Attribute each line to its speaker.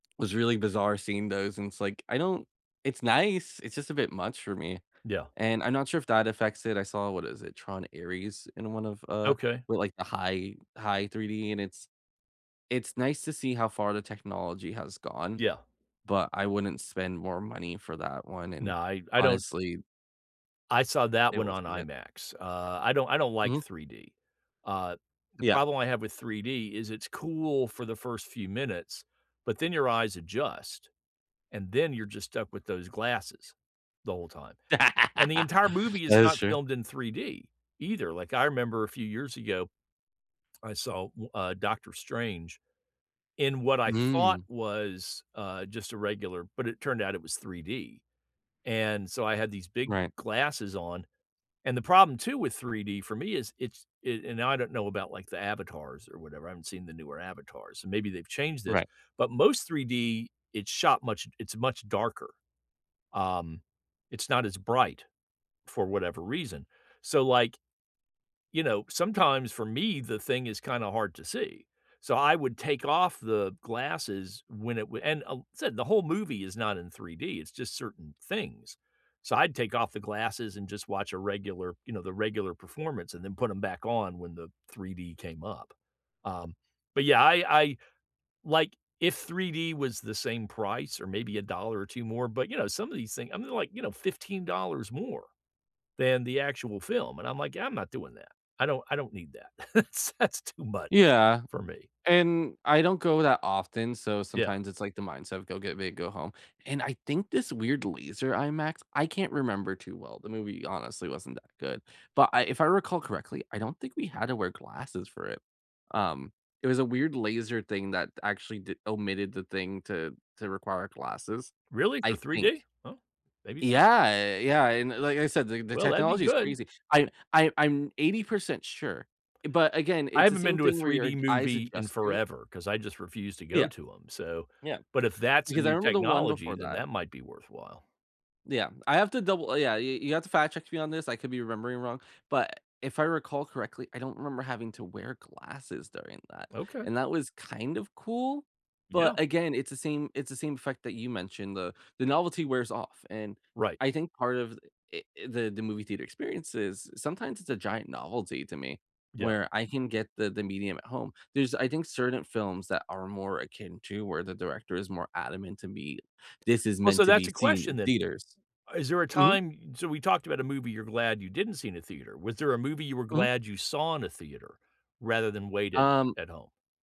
Speaker 1: Was really bizarre seeing those, and it's like, I don't it's nice, it's just a bit much for me.
Speaker 2: Yeah.
Speaker 1: And I'm not sure if that affects it. I saw what is it? Tron: Ares in one of, uh,
Speaker 2: Okay.
Speaker 1: well, like, the high high 3D, and it's it's nice to see how far the technology has gone,
Speaker 2: Yeah.
Speaker 1: but I wouldn't spend more money for that one, and,
Speaker 2: No. I I don't
Speaker 1: honestly
Speaker 2: I saw that
Speaker 1: it
Speaker 2: one on
Speaker 1: wasn't it.
Speaker 2: IMAX. Uh, I don't I don't like
Speaker 1: Mhm.
Speaker 2: 3D. Uh, the
Speaker 1: Yeah.
Speaker 2: problem I have with 3D is it's cool for the first few minutes, but then your eyes adjust. And then you're just stuck with those glasses the whole time. And the entire movie is
Speaker 1: That is
Speaker 2: not
Speaker 1: true.
Speaker 2: filmed in 3D either. Like, I remember a few years ago, I saw, wh uh, Doctor Strange in what I thought
Speaker 1: Hmm.
Speaker 2: was, uh, just a regular but it turned out it was 3D. And so I had these big
Speaker 1: Right.
Speaker 2: glasses on. And the problem too with 3D for me is it's it and, now, I don't know about, like, the Avatars or whatever. I haven't seen the newer Avatars, so maybe they've changed this.
Speaker 1: Right.
Speaker 2: But most 3D, it's shot much it's much darker. Um, it's not as bright for whatever reason. So, like, you know, sometimes for me, the thing is kinda hard to see. So I would take off the glasses when it wa and I'll said the whole movie is not in 3D. It's just certain things. So I'd take off the glasses and just watch a regular, you know, the regular performance and then put them back on when the 3D came up. Um, but, yeah, I I like, if 3D was the same price or maybe a dollar or 2 more but, you know, some of these things I mean, like, you know, $15 more than the actual film. And I'm like, "I'm not doing that. I don't I don't need that." It's that's too much
Speaker 1: Yeah,
Speaker 2: for me.
Speaker 1: and I don't go that often. So
Speaker 2: Yeah.
Speaker 1: sometimes it's like the mindset of, "Go, get big, go home." And I think this weird laser IMAX I can't remember too well. The movie, honestly, wasn't that good. But I if I recall correctly, I don't think we had to wear glasses for it. Um, it was a weird laser thing that actually di omitted the thing to to require glasses,
Speaker 2: Really?
Speaker 1: I
Speaker 2: For 3D?
Speaker 1: think.
Speaker 2: Oh, maybe not.
Speaker 1: Yeah. Yeah. And like I said, the the
Speaker 2: Well, that'd be
Speaker 1: technology is
Speaker 2: good.
Speaker 1: crazy. I I I'm 80% sure. But again,
Speaker 2: I
Speaker 1: it's the
Speaker 2: haven't
Speaker 1: same
Speaker 2: been to a
Speaker 1: thing where
Speaker 2: three
Speaker 1: your
Speaker 2: D
Speaker 1: eyes
Speaker 2: movie in
Speaker 1: adjust to it.
Speaker 2: forever 'cause I just refuse to
Speaker 1: Yeah.
Speaker 2: go to 'em. So
Speaker 1: Yeah.
Speaker 2: but if that's a
Speaker 1: Because I
Speaker 2: new
Speaker 1: remember the one
Speaker 2: technology,
Speaker 1: before
Speaker 2: then
Speaker 1: that.
Speaker 2: that might be worthwhile.
Speaker 1: Yeah. I have to double yeah. You you have to fact check me on this. I could be remembering wrong. But if I recall correctly, I don't remember having to wear glasses during that.
Speaker 2: Okay.
Speaker 1: And that was kind of cool.
Speaker 2: Yeah.
Speaker 1: But again, it's the same it's the same effect that you mentioned. The the novelty wears off. And
Speaker 2: Right.
Speaker 1: I think part of it i the movie theater experiences, sometimes it's a giant novelty to me,
Speaker 2: Yeah.
Speaker 1: where I can get the the medium at home. There's, I think, certain films that are more akin to where the director is more adamant to me. "This is
Speaker 2: Well,
Speaker 1: meant
Speaker 2: so
Speaker 1: to
Speaker 2: that's
Speaker 1: be
Speaker 2: a
Speaker 1: seen
Speaker 2: question
Speaker 1: in
Speaker 2: then.
Speaker 1: theaters."
Speaker 2: Is there a
Speaker 1: Mhm.
Speaker 2: time so we talked about a movie you're glad you didn't see in a theater. Was there a movie you were
Speaker 1: Mhm.
Speaker 2: glad you saw in a theater rather than waited
Speaker 1: Um
Speaker 2: at home?